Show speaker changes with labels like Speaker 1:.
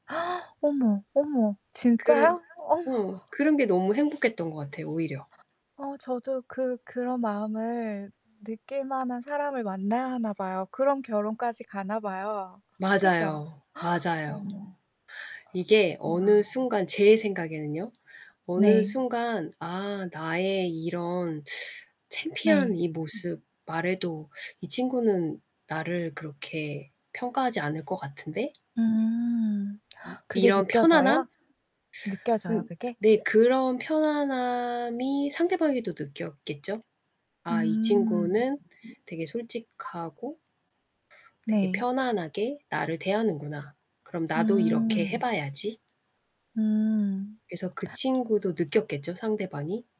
Speaker 1: 어머, 어머
Speaker 2: 그르
Speaker 1: 진짜요? 어머.
Speaker 2: 어 그런 게 너무 행복했던 것 같아요 오히려.
Speaker 1: 어 저도 그 그런 마음을 느낄 만한 사람을 만나야 하나 봐요. 그럼 결혼까지 가나 봐요. 그죠?
Speaker 2: 맞아요, 맞아요.
Speaker 1: 어머.
Speaker 2: 이게 어느
Speaker 1: 와.
Speaker 2: 순간 제 생각에는요 어느
Speaker 1: 네.
Speaker 2: 순간 '아 나의 이런 창피한
Speaker 1: 네
Speaker 2: 이
Speaker 1: 음.
Speaker 2: 모습 말해도 이 친구는 나를 그렇게 평가하지 않을 것 같은데?'
Speaker 1: 음
Speaker 2: 음
Speaker 1: 그게
Speaker 2: 이런 편안함?
Speaker 1: 느껴져요? 느껴져요
Speaker 2: 음.
Speaker 1: 그게?
Speaker 2: 네 그런 편안함이 상대방에도 느꼈겠죠? '아 이
Speaker 1: 음.
Speaker 2: 친구는 되게 솔직하고 되게
Speaker 1: 네.
Speaker 2: 편안하게 나를 대하는구나. 그럼 나도 이렇게 해
Speaker 1: 음.
Speaker 2: 봐야지.'
Speaker 1: 음.
Speaker 2: 그래서 그 친구도 느꼈겠죠 상대방이?